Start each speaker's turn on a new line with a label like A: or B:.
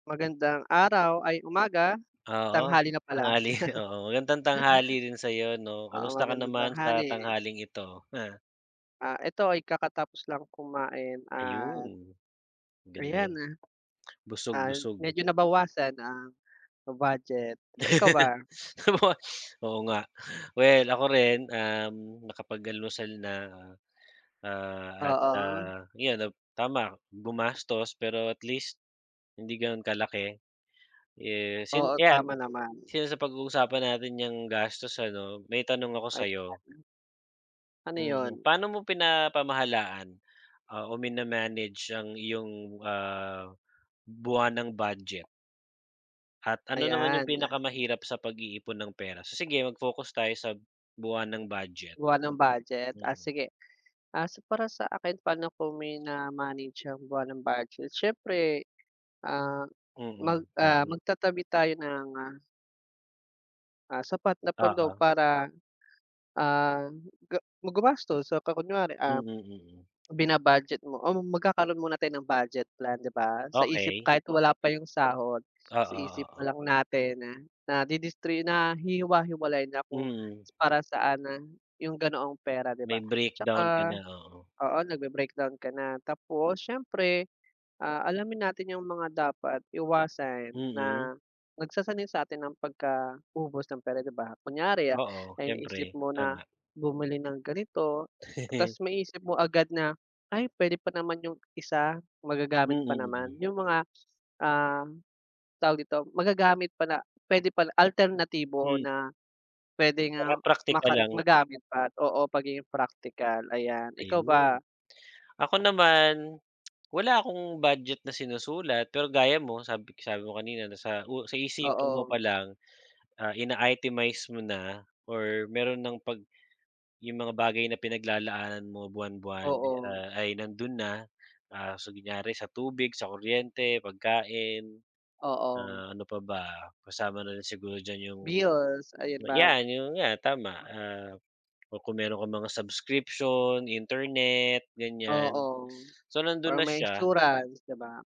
A: Magandang araw, ay umaga,
B: Oo,
A: tanghali na pala.
B: tanghali, oo, magandang tanghali rin sa'yo, 'no?
A: Oo,
B: Kumusta ka
A: magandang
B: naman sa
A: tanghali.
B: tanghaling ito ha?
A: Ah, ito ay kakatapos lang kumain at
B: Ayun, maganda
A: ayan,
B: yan.
A: ah.
B: Busog
A: Ah,
B: lusog.
A: medyo nabawasan ang budget ba. Ikaw ba?
B: [unintelligible] Oo nga. Well, ako rin, um, nakapag-almusal na, ah, at,
A: Oo.
B: ah, yun, tama, gumastos pero at least hindi gano'n kalaki. Eh, since
A: Oo,
B: yan,
A: tama naman.
B: since napag-uusapan natin niyang gastos ano, may tanong ako
A: Ay
B: sa'yo.
A: [unintelligible] Ano
B: Mm.
A: yun?
B: Paano mo pinapamahalaan o mina-manage ang iyong, ah, buwanang budget? At ano naman yung
A: Ayan.
B: pinakamahirap sa pag-iipon ng pera? Sige mag-focus tayo sa buwanang budget.
A: Buwanang budget, ah,
B: Mm.
A: sige, ah, para sa akin paano ko mina-manage ang buwanang budget? Siyempre, ah, mag,
B: Mm,
A: ah,
B: budget.
A: magtatabi tayo ng, ah, sapat na pondo
B: Oo.
A: para, ah, gu gumastos. So, kunware, ah,
B: Mm. Mm.
A: bina-budget mo o magkakaroon muna tayo ng budget plan, 'di ba? Sa isip
B: Okey.
A: kahit wala pa yung sahod, sa
B: Oo,
A: isip
B: oo.
A: palang natin nadidistri nahihiwa-hiwalay na kung
B: Mm.
A: para saan na yung ganoong pera, 'di
B: May
A: ba.
B: breakdown ka
A: Tsaka
B: na, oo.
A: oo, nagbe-breakdown ka na tapos siyempre, ah, alamin natin yung mga dapat iwasan
B: Mm.
A: na nagsasanay sa'tin ng pagkaubos ng pera, 'di ba? Kunyari
B: Oo,
A: naisip
B: siyempre.
A: mo na
B: Tama.
A: bumili ng ganito, tapos maisip mo agad na ay puwede pa naman yung isa magagamit pa naman.
B: Mm.
A: Yung mga, ah, tawag dito, magagamit pa na puwede pala alternatibo
B: Hmm.
A: na puwede
B: Tsaka
A: nga
B: praktikal
A: maka
B: lang.
A: magamit pa, oo, pagiging practical. Ayan ikaw ba?
B: Ayun, ako naman wala akong budget na sinusulat. Pero gaya mo sabi sabi mo kanina na sa u sa isipan mo
A: Oo.
B: palang, ah, ina-itemize mo na or meron ng 'pag yung mga bagay na pinaglalaanan mo buwan-buwan
A: Oo.
B: ay nandun na, ah, kunyari sa tubig, sa kuryente, pagkain,
A: Oo.
B: ah, ano pa ba, kasama na rin siguro diyan yung
A: Bills, ayun mag
B: yan, yung nga, tama, ah, kung meron kang mga subscription, internet, ganiyan.
A: Oo,
B: So, nandun
A: para
B: na
A: may
B: siya.
A: insurance, 'di ba?